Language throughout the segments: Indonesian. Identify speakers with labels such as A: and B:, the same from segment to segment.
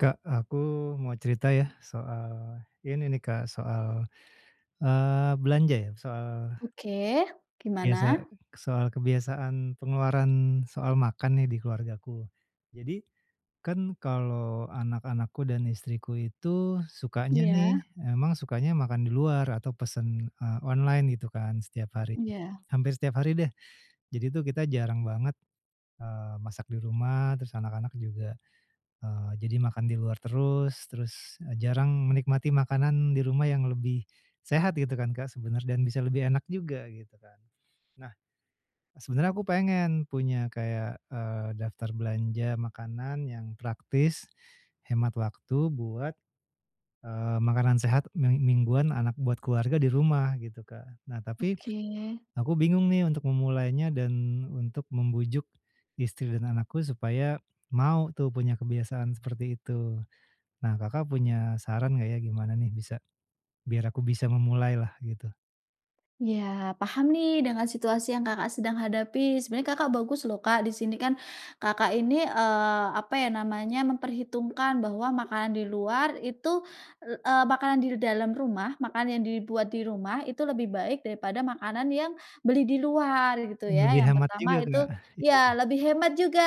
A: Kak, aku mau cerita ya soal, ini nih Kak, soal, eee, belanja ya soal
B: Oke
A: biasa
B: gimana?
A: soal kebiasaan pengeluaran soal makan nih di keluargaku, jadi, kan kalau anak-anakku dan istriku itu sukanya nih
B: Iya.
A: emang sukanya makan di luar atau pesen, eee, online gitu kan setiap hari,
B: Iya.
A: hampir setiap hari deh, jadi tuh kita jarang banget, eee, masak di rumah terus anak-anak juga, eee, jadi makan di luar terus terus jarang menikmati makanan di rumah yang lebih, sehat gitu kan Kak, sebenernya dan bisa lebih enak juga gitu kan. Nah, sebenernya aku pengen punya kayak, eee, daftar belanja makanan yang praktis, hemat waktu buat, eee, makanan sehat ming mingguan anak buat keluarga di rumah gitu Kak, nah tapi,
B: Oke.
A: aku bingung nih untuk memulainya dan untuk membujuk, istri dan anakku supaya, mau tuh punya kebiasaan seperti itu, nah Kakak, punya saran enggak ya gimana nih bisa biar aku bisa memulai lah gitu.
B: Iya paham nih dengan situasi yang Kakak, sedang hadapi. Sebenarnya Kakak, bagus loh Kak, disini kan, Kakak, ini, eee, apa ya namanya memperhitungkan bahwa makanan di luar itu, eee, makanan di dalam rumah makanan yang dibuat di rumah itu lebih baik daripada makanan yang beli di luar gitu ya
A: Lebih
B: yang
A: hemat
B: pertama
A: juga, Kak.
B: itu iya lebih hemat juga,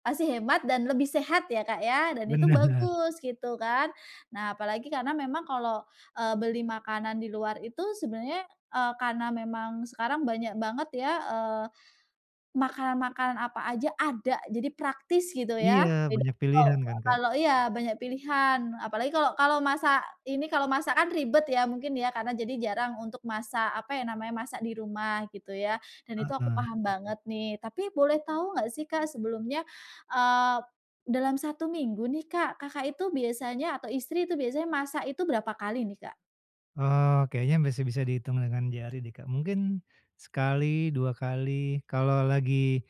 B: masih hemat dan lebih sehat ya Kak, ya dan itu
A: Bener.
B: bagus gitu kan. Nah, apalagi karena memang kalo, eee, beli makanan di luar itu sebenernya, eee, karena memang sekarang banyak banget ya, eee, makanan makanan apa aja ada jadi praktis gitu
A: Iya
B: ya, jadi
A: banyak
B: kalo
A: pilihan kan, Kak?
B: kalo iya banyak pilihan apalagi kalau kalau masak ini kalau masak kan ribet ya mungkin ya karena jadi jarang untuk masak apa ya, namanya masak di rumah gitu ya, dan itu aku
A: Heeh.
B: paham banget nih tapi boleh tahu nggak sih Kak, sebelumnya, eee, dalam 1 minggu nih Kak, Kakak itu biasanya atau istri itu biasanya masak itu berapa kali nih, Kak?
A: Oh kayaknya masih bisa dihitung dengan jari deh Kak, mungkin sekali, 2 kali kalau lagi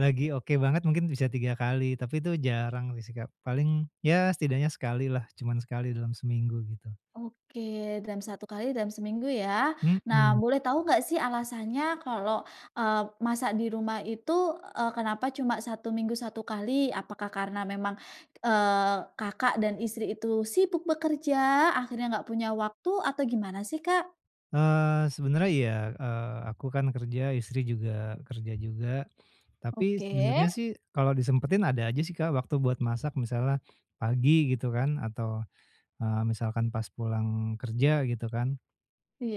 A: lagi oke banget mungkin bisa 3 kali tapi itu jarang sih Kak, paling ya setidaknya sekali lah cuman sekali dalam seminggu gitu.
B: Oke dalam 1 kali dalam seminggu ya. Nah,
A: Mhm.
B: boleh tahu nggak sih alasannya kalau, eee, masak di rumah itu, eee, kenapa cuma 1 minggu 1 kali apakah karena memang, eee, Kakak dan istri itu sibuk bekerja akhirnya nggak punya waktu atau gimana sih, Kak?
A: Eee, sebenernya iya, eee, aku kan kerja istri juga kerja juga, tapi
B: Oke.
A: sebenarnya sih kalau disempetin ada aja sih Kak, waktu buat masak misalnya, pagi gitu kan atau, eee, misalkan pas pulang kerja gitu kan,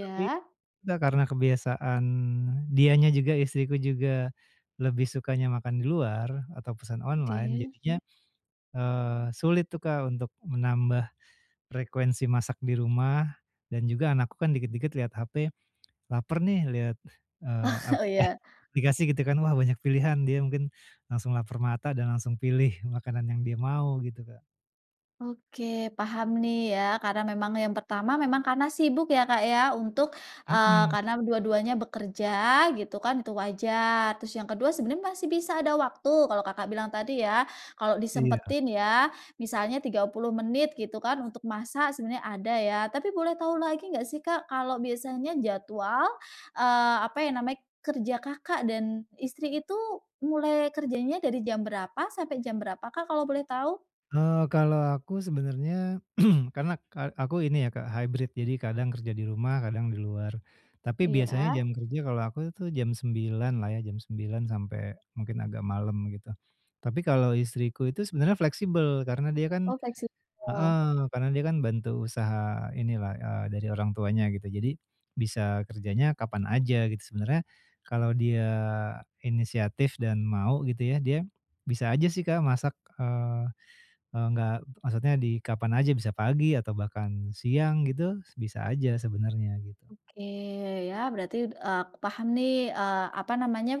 A: tapi, gak karena kebiasaan dianya juga istriku juga lebih sukanya makan di luar atau pesan online
B: Oke.
A: jadinya, eee, sulit tuh Kak, untuk menambah, frekuensi masak di rumah, dan juga anakku kan dikit-dikit liat hape, laper nih liat, eee,
B: Oh
A: aplika
B: iya.
A: aplikasi gitu kan wah banyak pilihan dia mungkin, langsung laper mata dan langsung pilih makanan yang dia mau gitu, Kak.
B: Oke paham nih ya karena memang yang pertama memang karena sibuk ya Kak, ya untuk, eee,
A: Mhm.
B: karena dua duanya bekerja gitu kan tuh wajar terus yang kedua sebenarnya masih bisa ada waktu kalau Kakak, bilang tadi ya, kalau
A: Iya.
B: disempetin ya misalnya 30 menit gitu kan untuk masak sebenarnya ada ya tapi boleh tahu lagi nggak sih Kak, kalau biasanya jadwal, eee, apa ya namanya kerja Kakak, dan istri itu mulai kerjanya dari jam berapa sampai jam berapa Kak, kalau boleh tahu?
A: Eee, kalau aku sebenernya karena ka aku ini ya Kak, hybrid jadi kadang kerja di rumah, kadang di luar, tapi biasanya
B: Iya.
A: jam kerja kalau aku tuh, jam 9.00 lah ya jam 9.00 sampai mungkin agak malem gitu, tapi kalau istriku itu sebenarnya fleksibel karena dia kan
B: Oh fleksibel.
A: heeh, karena dia kan bantu usaha ini lah, eee, dari orang tuanya gitu jadi, bisa kerjanya kapan aja gitu sebenernya, kalau dia inisiatif dan mau gitu ya dia, bisa aja sih Kak, masak, eee eee, enggak maksudnya di kapan aja bisa pagi atau bahkan siang gitu bisa aja sebenernya gitu.
B: Oke ya berarti, d eee, aku paham nih, eee, apa namanya,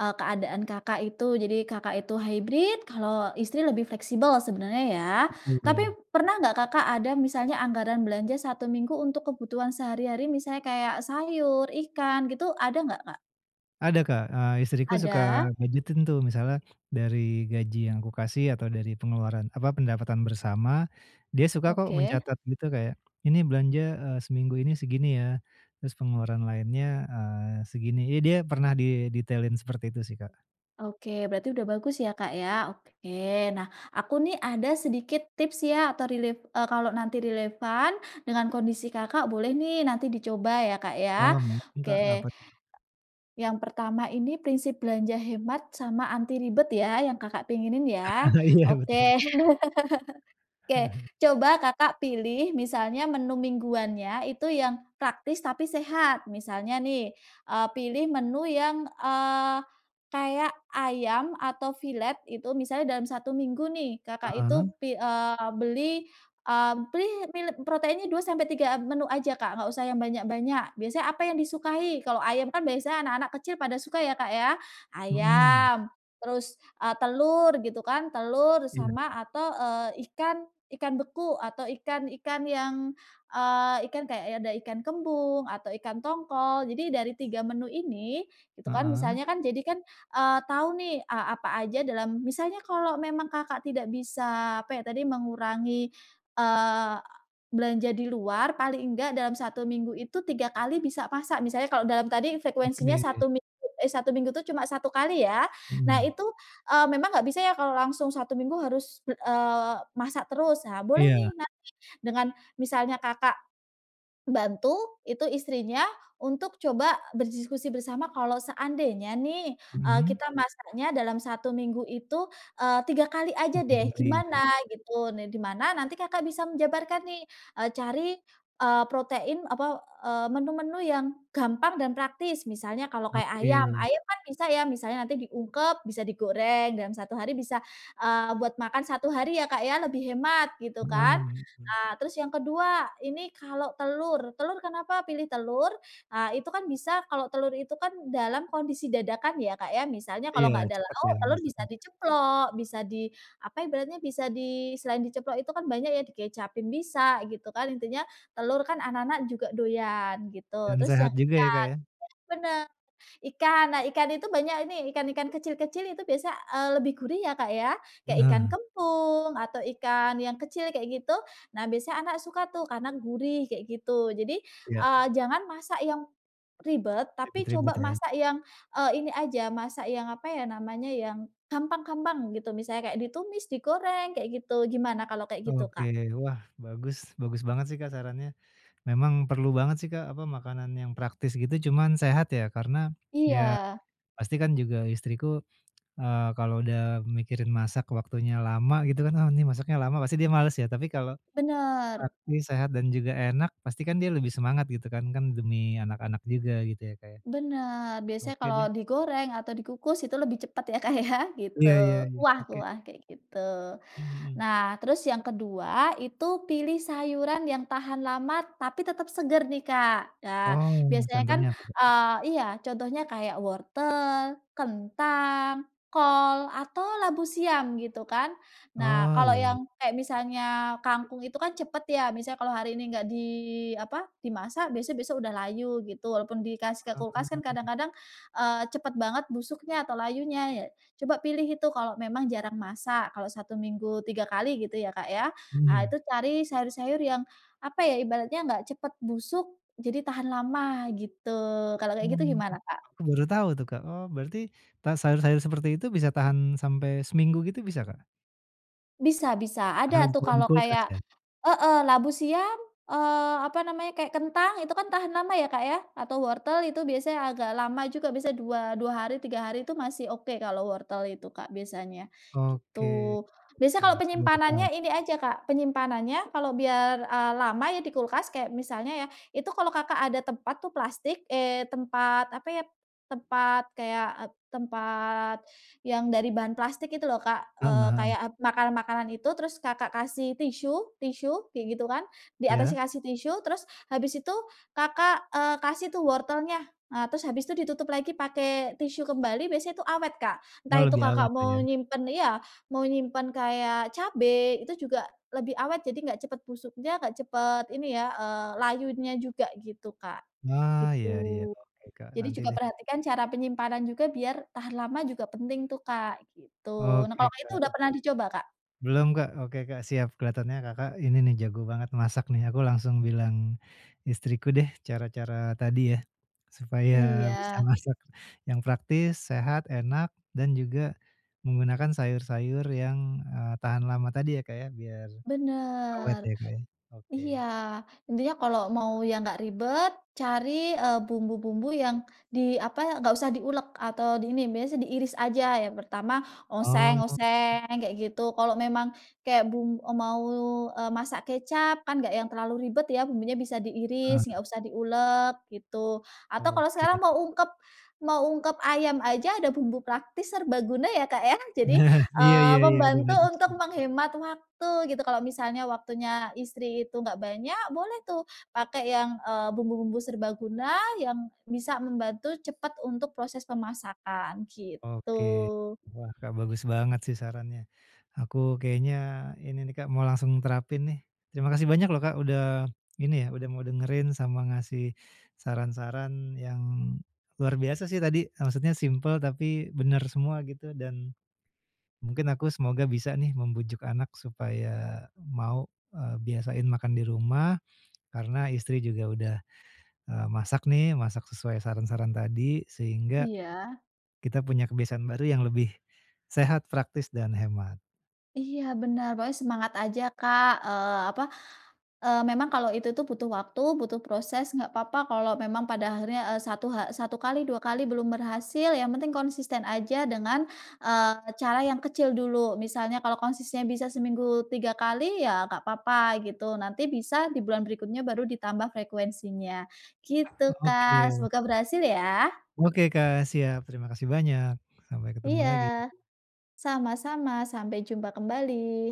B: eee, keadaan Kakak, itu jadi Kakak, itu hybrid kalau istri lebih fleksibel sebenarnya ya? Tapi
A: Betul.
B: pernah nggak Kakak ada misalnya anggaran belanja 1 minggu untuk kebutuhan sehari-hari misalnya kayak sayur, ikan gitu ada nggak, Kak?
A: Ada Kak, eee, istriku suka
B: Ada.
A: budgetin tuh misalnya dari gaji yang aku kasih atau dari pengeluaran apa pendapatan bersama, dia suka kok
B: Oke.
A: mencatat gitu kayak, "Ini belanja, eee, seminggu ini segini ya" terus pengeluaran lainnya, eee, segini ya dia pernah didetailin seperti itu sih, Kak.
B: Oke, berarti udah bagus ya, Kak, ya. Oke. Nah, aku nih ada sedikit tips ya atau relef eee, kalau nanti relevan dengan kondisi Kakak boleh nih nanti dicoba ya, Kak,
A: Oh,
B: ya.
A: mungkin, Kak.
B: Oke.
A: Apa tuh?
B: Yang pertama ini, prinsip belanja hemat sama anti ribet ya yang Kakak pinginin ya.
A: Iya, betul.
B: Oke. Oke. Coba Kakak pilih misalnya menu mingguannya itu yang praktis tapi sehat. Misalnya nih, eee, pilih menu yang, eee, kayak ayam atau filet itu. Misalnya dalam 1 minggu nih Kakak itu
A: Heeh.
B: pi eee, beli, eee, pilih beli proteinnya 2 sampai 3 menu aja, Kak, nggak usah yang banyak-banyak. Biasanya apa yang disukai, kalau ayam kan biasanya anak-anak kecil pada suka ya, Kak, ya.
A: Mhm.
B: Ayam terus, eee, telur gitu kan. Telur
A: Iya.
B: sama atau, eee, ikan ikan beku atau ikan-ikan yang, eee, ikan kayak ada ikan kembung, atau ikan tongkol. Jadi, dari 3 menu ini gitu kan,
A: Heeh.
B: misalnya kan jadi kan, eee, tahu nih, eee, apa aja dalam misalnya kalau memang Kakak tidak bisa apa ya, tadi mengurangi, eee, belanja di luar paling nggak dalam 1 minggu itu, 3 kali bisa masak. Misalnya kalau dalam tadi frekuensinya
A: Oke.
B: 1 minggu eh, 1 minggu itu cuma 1 kali ya. Nah
A: Mhm.
B: itu, eee, memang nggak bisa ya kalau langsung 1 minggu harus bel eee, masak terus. Ah, boleh nih
A: Iya.
B: nanti dengan misalnya Kakak, bantu itu istrinya untuk coba berdiskusi bersama, "Kalau seandainya nih," eee,
A: Mhm.
B: "kita masaknya dalam 1 minggu itu," eee, "3 kali
A: Oh,
B: aja
A: 3
B: deh
A: kali,
B: gimana?"
A: Kak.
B: gitu. Nih di mana nanti Kakak bisa menjabarkan nih, eee, cari, eee, protein apa, eee, menu-menu yang gampang dan praktis. Misalnya kalau kayak ayam,
A: Oke.
B: ayam kan bisa ya misalnya nanti diungkep, bisa digoreng dalam 1 hari bisa, eee, buat makan 1 hari ya Kak, ya lebih hemat gitu
A: Heeh.
B: kan.
A: Mhm.
B: Nah, terus yang kedua, ini kalau telur, telur kenapa pilih telur? Ah, itu kan bisa kalau telur itu kan dalam kondisi dadakan ya, Kak, ya. Misalnya kalau
A: Iya.
B: nggak ada
A: Cepet
B: lauk,
A: ya
B: telur bisa
A: masaknya.
B: diceplok, bisa di apa ibaratnya, bisa di selain diceplok itu kan banyak ya. Dikecapin bisa gitu kan. Intinya telur kan anak-anak juga doyan gitu.
A: Dan
B: Terus yang
A: sehat
B: ikan
A: juga ya,
B: benar
A: Kak, ya.
B: benar. Ikan. Nah, ikan itu banyak ini, ikan-ikan kecil-kecil itu biasanya, eee, lebih gurih ya, Kak, ya. Kayak ikan
A: Heeh.
B: kembung atau ikan yang kecil kayak gitu. Nah, biasanya anak suka tuh karena gurih kayak gitu. Jadi,
A: Iya.
B: eee, jangan masak yang ribet, tapi coba
A: Ribet-ribet ya.
B: masak yang, eee, ini aja masak yang apa ya namanya, yang gampang-gampang gitu. Misalnya kayak ditumis, digoreng, kayak gitu. Gimana kalau kayak gitu,
A: Oke.
B: Kak?
A: Wah, bagus. Bagus banget sih, Kak, sarannya. Memang perlu banget sih, Kak, apa, makanan yang praktis gitu cuman sehat ya. Karena ya
B: Iya.
A: pasti kan juga istriku, eee, kalau udah mikirin masak waktunya lama, gitu kan. "Oh ini masaknya lama." Pasti dia males ya. Tapi kalau,
B: Benar.
A: praktis, sehat, dan juga enak pasti kan dia lebih semangat, gitu kan. Kan demi anak-anak juga gitu ya, Kak, ya.
B: Benar. Biasanya
A: Oke
B: kalau
A: deh.
B: digoreng atau dikukus itu lebih cepat ya, Kak, ya gitu.
A: Iya iya iya. Oke deh.
B: Kuah-kuah, kayak gitu.
A: Mmm, mhm.
B: Nah, terus yang kedua, itu pilih sayuran yang tahan lama tapi tetap segar nih, Kak. Nah,
A: Oh,
B: biasanya kan,
A: contohnya apa, Kak?
B: eee iya. Contohnya kayak wortel, kentang, kol, atau labu siam gitu kan. Nah,
A: Oh,
B: kalau
A: iya iy
B: yang kayak misalnya kangkung itu kan cepat ya. Misalnya kalau hari ini nggak di apa, dimasak biasanya besok sudah layu gitu. Walaupun dikasih ke kulkas kan
A: Oh.
B: kadang-kadang, eee, cepet banget busuknya atau layunya ya. Coba pilih itu, kalau memang jarang masak. Kalau 1 minggu 3 kali gitu ya, Kak, ya. Ah,
A: Mmm.
B: itu cari sayur-sayur yang apa ya, ibaratnya nggak cepet busuk, jadi tahan lama gitu. Kalau kayak gitu
A: Oh.
B: gimana, Kak?
A: Aku baru tahu tuh, Kak. Oh, berarti ta sayur-sayur seperti itu bisa tahan sampai seminggu gitu, bisa, Kak?
B: Bisa bisa
A: Harus
B: ada tuh
A: segera di
B: kalau
A: kulkas
B: kayak
A: kan?
B: heeh, labu siam, eee, apa namanya kayak kentang itu kan tahan lama ya Kak, ya atau wortel itu biasanya agak lama juga biasanya dua dua hari, 3 hari itu masih oke kalau wortel itu Kak, biasanya
A: Oke,
B: gitu. Biasanya
A: oke
B: kalau
A: aku udah
B: penyimpanannya
A: paham.
B: ini aja Kak, penyimpanannya kalau biar, eee, lama ya di kulkas kayak misalnya ya itu kalau Kakak ada tempat tuh plastik, eee, tempat apa ya, tempat kayak tempat, yang dari bahan plastik itu loh Kak, eee,
A: Tambahan.
B: kayak makanan-makanan itu terus Kakak, kasih tisu tisu kayak gitu kan, di
A: Iya.
B: atasnya kasih tisu terus habis itu Kakak, eee, kasih tuh wortelnya, eee, terus habis itu ditutup lagi pakai tisu kembali biasanya itu awet Kak, entah
A: Oh
B: itu
A: lebih awet
B: Kakak mau
A: ya.
B: nyimpan iya, mau nyimpen kayak cabai itu juga lebih awet jadi enggak cepat busuknya nggak cepat ini ya, eee, layunya juga gitu Kak,
A: Wah
B: gitu.
A: iya iya oke Kak,
B: Jadi
A: nanti
B: juga
A: deh.
B: perhatikan cara penyimpanan juga biar tahan lama juga penting tuh Kak, gitu. Nah
A: Oke,
B: kalau itu udah
A: Kak.
B: pernah dicoba, Kak?
A: Belum Kak, oke Kak, siap kelihatannya Kakak, ini nih jago banget masak nih aku langsung bilang istriku deh cara-cara tadi ya, supaya bisa
B: Iya.
A: masak, yang praktis, sehat, enak, dan juga, menggunakan sayur-sayur yang, eee, tahan lama tadi ya Kak ya, biar awet ya
B: Benar,
A: Kak ya,
B: iya
A: oke.
B: intinya kalau mau yang enggak ribet cari, eee, bumbu-bumbu yang di apa, enggak usah diulek atau di ini, biasanya diiris aja yang pertama oseng
A: Oh.
B: oseng kayak gitu kalau memang, kayak bum e mau, eee, masak kecap kan nggak yang terlalu ribet ya bumbunya bisa diiris
A: Heeh.
B: enggak usah diulek gitu, atau kalau
A: Oke.
B: sekarang mau ungkep mau ungkep ayam aja ada bumbu praktis serbaguna ya Kak, ya jadi,
A: Nah, Iya
B: eee,
A: iya iya, ada
B: membantu
A: banyak.
B: untuk
A: [unintelligible]
B: menghemat waktu gitu kalau misalnya waktunya istri itu enggak banyak, boleh tuh pakai yang, eee, bumbu-bumbu serbaguna yang bisa membantu cepat untuk proses pemasakan
A: Oke,
B: gitu.
A: wah Kak, bagus banget sih sarannya, aku kayaknya ini nih Kak, mau langsung terapin nih, terima kasih banyak loh Kak, udah ini ya udah mau dengerin sama ngasih saran-saran yang luar biasa sih tadi, maksudnya simpel tapi bener semua gitu dan, mungkin aku semoga bisa nih membujuk anak supaya mau, eee, biasain makan di rumah, karena istri juga udah, eee, masak nih masak sesuai saran-saran tadi, sehingga
B: Iya.
A: kita punya kebiasaan baru yang lebih, sehat praktis dan hemat.
B: Iya benar, pokoknya semangat aja Kak, eee, apa, eee, memang kalau itu tuh butuh waktu, butuh proses, enggak apa-apa kalau memang pada akhirnya, eee, 1 ha 1 kali 2 kali belum berhasil yang penting konsisten aja dengan, eee, cara yang kecil dulu, misalnya kalau konsistennya bisa seminggu 3 kali ya nggak apa-apa gitu, nanti bisa di bulan berikutnya baru ditambah frekuensinya, gitu
A: Oke.
B: Kak, semoga berhasil ya.
A: Oke Kak, siap terima kasih banyak, sampai ketemu
B: Iya,
A: lagi.
B: sama-sama sampai jumpa kembali.